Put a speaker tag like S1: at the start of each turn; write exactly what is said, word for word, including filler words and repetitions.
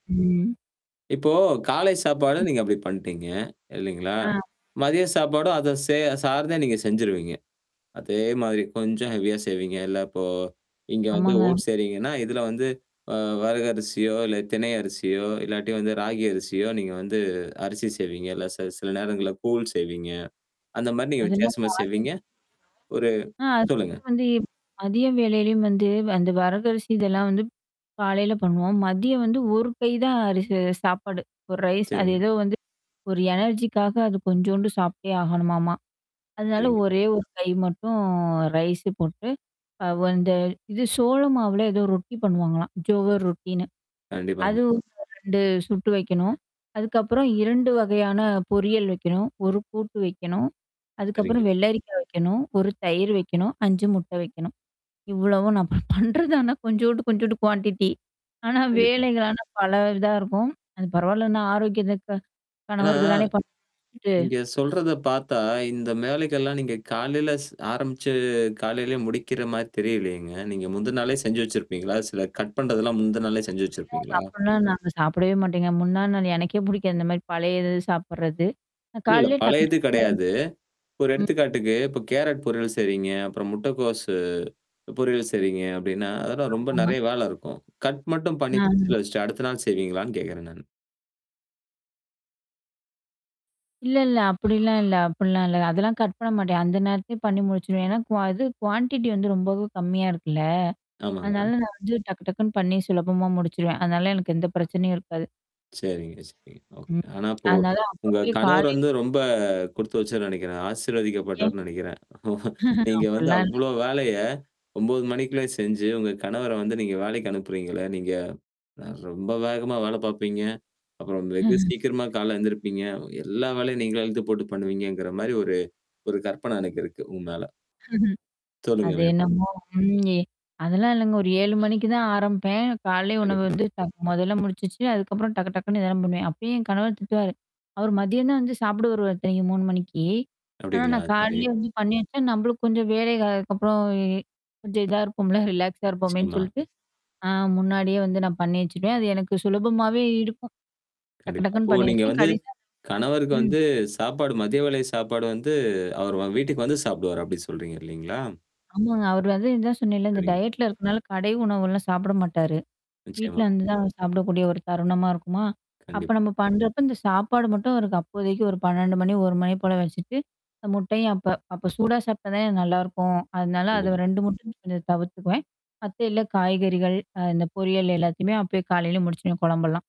S1: ம், ம்.
S2: இப்போ காலை சாப்பாடு
S1: ம்.
S2: நீங்க அப்பிடி பண்ட்டீங்க. இல்லேங்களா!
S1: ஆ.
S2: மதிய சாப்பாடும், அத சே சார்ந்தே நீங்க செஞ்சுருவீங்க. அதே மாதிரி. கொஞ்சம் ஹெவியா செய்வீங்க. இல்ல இப்போ இங்க வந்து
S1: ஆமாங்க.
S2: ஓட்ஸ் செய்றீங்கன்னா, இதுல வந்து அ வரகரிசியோ! இல்ல தினை அரிசியோ! இல்லாட்டி வந்து ராகி அரிசியோ! நீங்க வந்து அரிசி செய்வீங்க. இல்ல ச சில நேரங்கள்ல கூழ் செய்வீங்க. அந்தமாரி நீங்க
S1: அதெல்லாம்
S2: வித்தியாசமா
S1: [unintelligible]
S2: செய்வீங்க? ஒரு
S1: ஆ.
S2: சொல்லுங்க.
S1: அதையும் வந்து மதிய வேலையிலயும் வந்து அந்த வரகரிசி இதெல்லாம் வந்து காலைையில பண்ணுவோம். மதியம் வந்து ஒரு கை தான் அரிசி சாப்பாடு. ஒரு ரைஸ் அது
S2: சரிங்க.
S1: ஏதோ வந்து ஒரு எனர்ஜி க்காக அது கொஞ்சோண்டு சாப்ட்டே ஆகணுமாமா. அதனால
S2: சரிங்க.
S1: ஒரே ஒரு கை மட்டும் ரைஸு போட்டு. அவ அந்த இது சோள மாவுல ஏதோ ரொட்டி பண்ணுவாங்களாம். ஜோகர் ரொட்டின்னு.
S2: கண்டிப்பாங்க.
S1: அதுவும் ரெண்டு சுட்டு வைக்கணும். அதுக்கப்புறம் இரண்டு வகையான பொரியல் வைக்கணும். ஒரு கூட்டு வைக்கணும்.
S2: சரிங்க.
S1: அதுக்கப்புறம் வெள்ளரிக்கா வைக்கணும். ஒரு தயிர் வைக்கணும். அஞ்சு முட்டை வைக்கணும். இவ்வளவும் நான் பண்றது தானா கொஞ்சோண்ட்டு, கொஞ்சோண்ட்டு குவான்ட்டி ஆனா
S2: கண்டிப்பா.
S1: வேலைகள் ஆனா பல இதா இருக்கும். அது பரவால்லன்னா ஆரோக்கியத்துக்கு
S2: ஆனா,
S1: கணவருக்கு தானே பண்றது.
S2: நீங்க சொல்றத பார்த்தா, இந்த வேலைகள்லாம் நீங்க காலையில ஆரம்பிச்சு காலையிலேயே முடிக்கிறமாரி தெரியலேயேங்க. நீங்க முந்தின நாளே செஞ்சு வச்சிருப்பீங்களா? சில கட் பண்றதெல்லாம்
S1: [unintelligible]
S2: முந்தின நாளே செஞ்சு வச்சிருப்பீங்களா?
S1: அப்புட்னா நாங்க சாப்பிடவே மாட்டேங்க. முன்னா நாள் எனக்கே புடிக்காது. இந்தமாரி பழைய இது சாப்புட்றது.
S2: இல்ல, இல்ல.
S1: காலையே டக்கு
S2: பழைய இது
S1: டக்கு
S2: கிடையாது. ஒரு
S1: [unintelligible] ம்.
S2: எடுத்துக்காட்டுக்கு, இப்ப கேரட் பொரியல் செய்றீங்க. அப்புறம் முட்டைக்கோஸ் பொரியல் செய்றீங்க அப்பிடின்னா. அதெல்லாம் ரொம்ப
S1: ஆமா
S2: நிறைய வேல இருக்கும். கட் மட்டும் பண்ணி
S1: அ.
S2: ஃபிரிஜ்ல வச்சுட்டு அடுத்த நாள் செய்வீங்களான்னு கேட்கிறேன் நானு.
S1: இல்ல, இல்ல. அப்பிடிலாம் இல்ல. அப்பிடிலாம் இல்ல. அதெல்லாம் கட் பண்ண மாட்டேன். அந்த நேரத்திலே பண்ணி முடிச்சுருவேன். ஏன்னா கு அது குவான்டிட்டி வந்து ரொம்பவும் கம்மியா இருக்குல்ல. அதனால
S2: ஆமாங்க.
S1: நான் வந்து டக்கு டக்குன்னு பண்ணி சுலபமா முடிச்சுருவேன். அதனால எனக்கு எந்த பிரச்சனையும் இருக்காது.
S2: சரிங்க, சரிங்க.
S1: ம்.
S2: ஓகே. ஆனா இப்போ.
S1: அதனால
S2: உங்க
S1: அப்பவே
S2: கணவர்
S1: காலைையில
S2: வந்து ரொம்ப
S1: [unintelligible]
S2: குடுத்து வச்சவர்ன்னு நெனைக்கிறேன்.
S1: எ.
S2: ஆசீர்வதிக்கப்பட்டவர்ன்னு நெனைக்கிறேன் நீங்க வந்து
S1: அப்புட்லாம்
S2: அவ்ளோ
S1: இல்லங்க.
S2: வேலைய ஒம்போது மணிக்குள்ளே செஞ்சு, உங்க கணவர வந்து நீங்க வேலைக்கு அனுப்புறீங்கள? நீங்க. அ ரொம்ப வேகமா வேல பார்ப்பீங்க. அப்புறம் வெகு சீக்கிரமா கால எழுந்திருப்பீங்க. எல்லா வேலையும் நீங்கள எழுத்து போட்டு பண்ணுவீங்கங்கிறமாரி ஒரு, ஒரு கற்பன எனக்கு இருக்கு உங் மேல.
S1: ம்ஹ்ம்.
S2: சொல்லுங்க
S1: அது
S2: மேற்கொண்டு.
S1: என்னமோ ம். அதெல்லாம் இல்லங்க ஒரு ஏழு மணிக்கு தான் ஆரம்பப்பேன். காலை உணவு
S2: கண்டிப்பா.
S1: வந்து டக் மொதல்ல முடிச்சுவச்சு அதுக்கப்புறம் டக்கு டக்குன்னு இதலாம் பண்ணுவேன். அப்பயே என் கணவன் திட்டுவாரு. அவரு மதியம் தான் வந்து சாப்புட வருவாரு இத்தனைக்கும் மூனு மணிக்கி. ஆனா,
S2: அப்பிடிங்களா!
S1: நான்
S2: சரி.
S1: காலைய வந்து பண்ணி வச்சா, நம்மளுக்கு கொஞ்சம் வேலைகள் அதுக்கப்புறம் கொஞ்சம் இதா இருக்கும்ல. ரிலாக்ஸா இருப்போமேன்னு
S2: நிச்சயமா.
S1: சொல்லிட்டு ஆ முன்னாடியே வந்து நான் பண்ணி வச்சுருவேன். அது எனக்கு சுலபமாவே இருக்கும். டக்கு
S2: கண்டிப்பா.
S1: டக்கக்குன்னு
S2: இப்போ
S1: பண்ணி
S2: நீங்க
S1: வச்சுருவேன்.
S2: வந்து
S1: கடைசியா,
S2: கணவருக்கு
S1: ம்.
S2: வந்து சாப்பாடு மதிய வேலை சாப்பாடு வந்து அவர் வ வீட்டுக்கு வந்து சாப்பிடுவாரு. அப்பிடி சொல்றீங்க இல்லேங்களா!
S1: ஆமாங்க. அவர் வந்து இததான் சொன்னேல, இந்த
S2: சரிங்க.
S1: டயட்ல இருக்கனால கடை உணவுெல்லாம் சாப்பிட மாட்டாரு. வீட்ல
S2: நிச்சயமா.
S1: வந்து தான் சாப்பிடக்கூடிய ஒரு தருணமா இருக்குமா! அப்ப
S2: கண்டிப்பா.
S1: நம்ம பண்றப்ப இந்த சாப்பாடு மட்டும் அவருக்கு அப்போதைக்கு ஒரு பன்னெண்டு மணி ஒரு மணி போல வச்சுட்டு. இந்த முட்டையும் அப்ப அப்ப சூடா சாப்டட்டா தானே நல்லாருக்கும். அதனால அத
S2: கண்டிப்பா.
S1: ரெண்டும் மட்டும் கொஞ்சம் தவிர்த்துக்குவேன். மத்த எல்லா காய்கறிகள், அ இந்த பொரியல் எல்லாத்தையுமே அப்பயே காலையில முடிச்சுருவேன்ம் கொழம்பெல்லாம்.